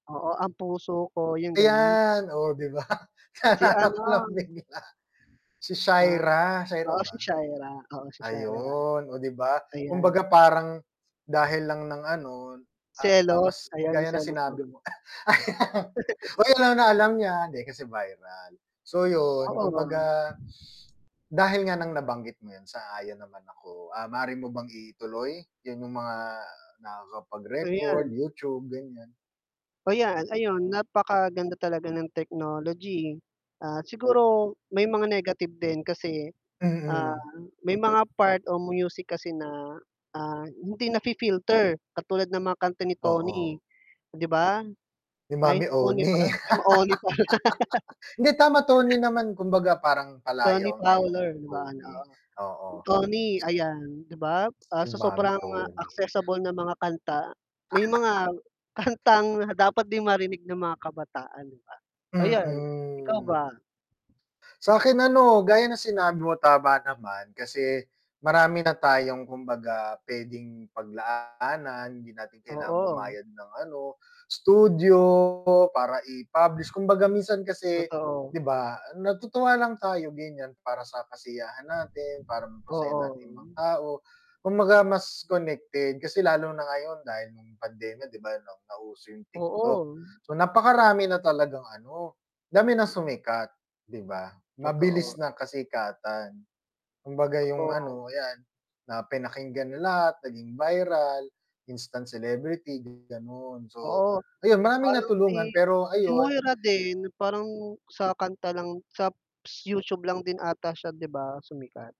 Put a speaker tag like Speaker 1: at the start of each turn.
Speaker 1: Oo, "Ang puso ko," yung ganon?
Speaker 2: Ayan, oh, 'di ba,
Speaker 1: Si
Speaker 2: naalala ko lang
Speaker 1: ano
Speaker 2: bigla si
Speaker 1: Ah,
Speaker 2: Shaira, Shaira
Speaker 1: oo
Speaker 2: ba?
Speaker 1: si Shaira, oo si Shaira.
Speaker 2: Ayun, oh, 'di ba,
Speaker 1: Ayan.
Speaker 2: kumbaga parang dahil lang ng ano, ah,
Speaker 1: Selos,
Speaker 2: mas
Speaker 1: ayan
Speaker 2: gaya ng
Speaker 1: selos
Speaker 2: sinabi
Speaker 1: naman.
Speaker 2: mo ayan oy, alam na alam niya, hindi kasi viral so yun
Speaker 1: Oo.
Speaker 2: kumbaga dahil nga ng nabanggit mo yun, sang-ayon naman ako, ah, maari mo bang ituloy, yun yung mga nakakapagrecord,
Speaker 1: Ayan.
Speaker 2: YouTube ganiyan.
Speaker 1: Oh, yan, ayun napakaganda talaga ng technology, at siguro may mga negative din kasi, ah,
Speaker 2: Mm.
Speaker 1: may mga part o music kasi na, ah, hindi nafi-filter, katulad ng mga kanta ni Toni
Speaker 2: Oo.
Speaker 1: 'di ba?
Speaker 2: Ni
Speaker 1: Ay,
Speaker 2: Mommy
Speaker 1: Toni
Speaker 2: Oni.
Speaker 1: ba? Ay, Oni pala.
Speaker 2: Hindi tama Toni naman kumbaga parang
Speaker 1: Toni
Speaker 2: palayaw niya yung
Speaker 1: Fowler, 'di ba ano
Speaker 2: Toni,
Speaker 1: oo
Speaker 2: oo.
Speaker 1: Toni ayan, 'di ba, ah, sa
Speaker 2: 'Yung Mommy
Speaker 1: sobrang
Speaker 2: Oni.
Speaker 1: accessible na mga kanta may mga kantang dapat 'di marinig ng mga kabataan 'di ba, ayan, ikaw
Speaker 2: Mm.
Speaker 1: ba?
Speaker 2: Sa'kin ano, gaya ng sinabi mo tama naman, kasi marami na tayong kumbaga puwedeng paglaanan, hindi natin kailangan
Speaker 1: Oo.
Speaker 2: bumayad ng ano studio, para i-publish kumbaga minsan kasi
Speaker 1: Totoo.
Speaker 2: 'di ba natutuwa lang tayo ganiyan, para sa kasiyahan natin, para mapasaya natin mga
Speaker 1: Oo.
Speaker 2: tao, kumbaga mas connected kasi lalo na ngayon dahil nung pandemya 'di ba na nauso yung TikTok,
Speaker 1: Oo.
Speaker 2: so napakarami na talagang ano dami ng sumikat 'di ba,
Speaker 1: Totoo.
Speaker 2: mabilis na kasikatan. Kumbaga yung
Speaker 1: Oh.
Speaker 2: ano yan na pinakinggan ng lahat naging viral, instant celebrity ganon, so
Speaker 1: Oo,
Speaker 2: ayun, maraming
Speaker 1: parang
Speaker 2: natulungan,
Speaker 1: si
Speaker 2: pero
Speaker 1: si
Speaker 2: ayun
Speaker 1: Moira din, parang sa kanta lang sa p s YouTube lang din ata siya 'di ba, sumikat.